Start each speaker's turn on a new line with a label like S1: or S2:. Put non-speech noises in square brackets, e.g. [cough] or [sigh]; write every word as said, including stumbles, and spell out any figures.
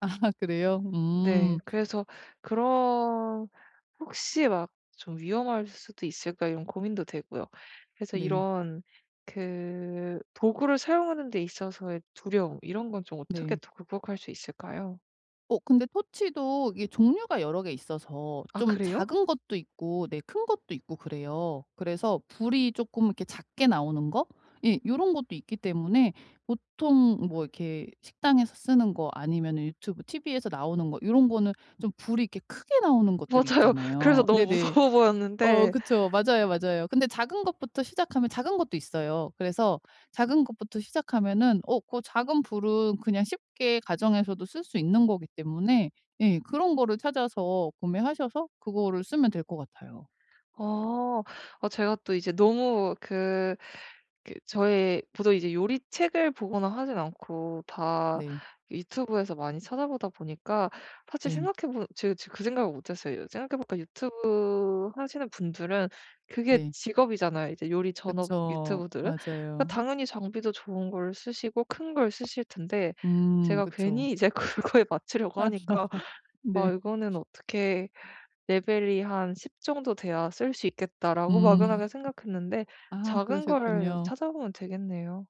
S1: 아. 그래요.
S2: 네.
S1: 음.
S2: 그래서 그런 혹시 막 '좀 위험할 수도 있을까.' 이런 고민도 되고요. 그래서
S1: 네.
S2: 이런 그 도구를 사용하는 데 있어서의 두려움 이런 건 좀 어떻게
S1: 네.
S2: 또 극복할 수 있을까요?
S1: 어 근데 토치도 이게 종류가 여러 개 있어서
S2: 아
S1: 좀
S2: 그래요?
S1: 작은 것도 있고 네 큰 것도 있고 그래요. 그래서 불이 쪼끔 이렇게 작게 나오는 거? 이 요런 것도 있기 때문에 보통 뭐 이렇게 식당에서 쓰는 거 아니면 유튜브 티브이에서 나오는 거 요런 거는 좀 불이 이렇게 크게 나오는 것들이
S2: 맞아요. 그래서
S1: 있잖아요.
S2: 너무
S1: 네네.
S2: 무서워
S1: 어
S2: 보였는데
S1: 그쵸. 맞아요, 맞아요. 근데 작은 것부터 시작하면 작은 것도 있어요. 그래서 작은 것부터 시작하면은 어 그 작은 불은 그냥 쉽게 가정에서도 쓸 수 있는 거기 때문에 예 그런 거를 찾아서 구매하셔서 그거를 쓰면 될 것 같아요.
S2: 아. 아 제가 또 이제 너무 그 그 저의 보통 이제 요리책을 보거나 하지 않고 다
S1: 네.
S2: 유튜브에서 많이 찾아보다 보니까 사실
S1: 네.
S2: 생각해 보면 제 제가 그 생각을 못 했어요. 생각해 보니까 유튜브 하시는 분들은 그게
S1: 네.
S2: 직업이잖아요 이제 요리 전업
S1: 그쵸.
S2: 유튜브들은.
S1: 맞아요.
S2: 당연히 장비도 좋은 걸 쓰시고 큰 걸 쓰실 텐데
S1: 음.
S2: 제가
S1: 그쵸.
S2: 괜히 이제 그거에 맞추려고
S1: [laughs]
S2: 하니까 '아
S1: 네.
S2: 이거는 어떻게 레벨이 한 십 정도 돼야 쓸 수 있겠다.'라고
S1: 음.
S2: 막연하게 생각했는데
S1: 아
S2: 작은 거를
S1: 그러셨군요.
S2: 찾아보면 되겠네요.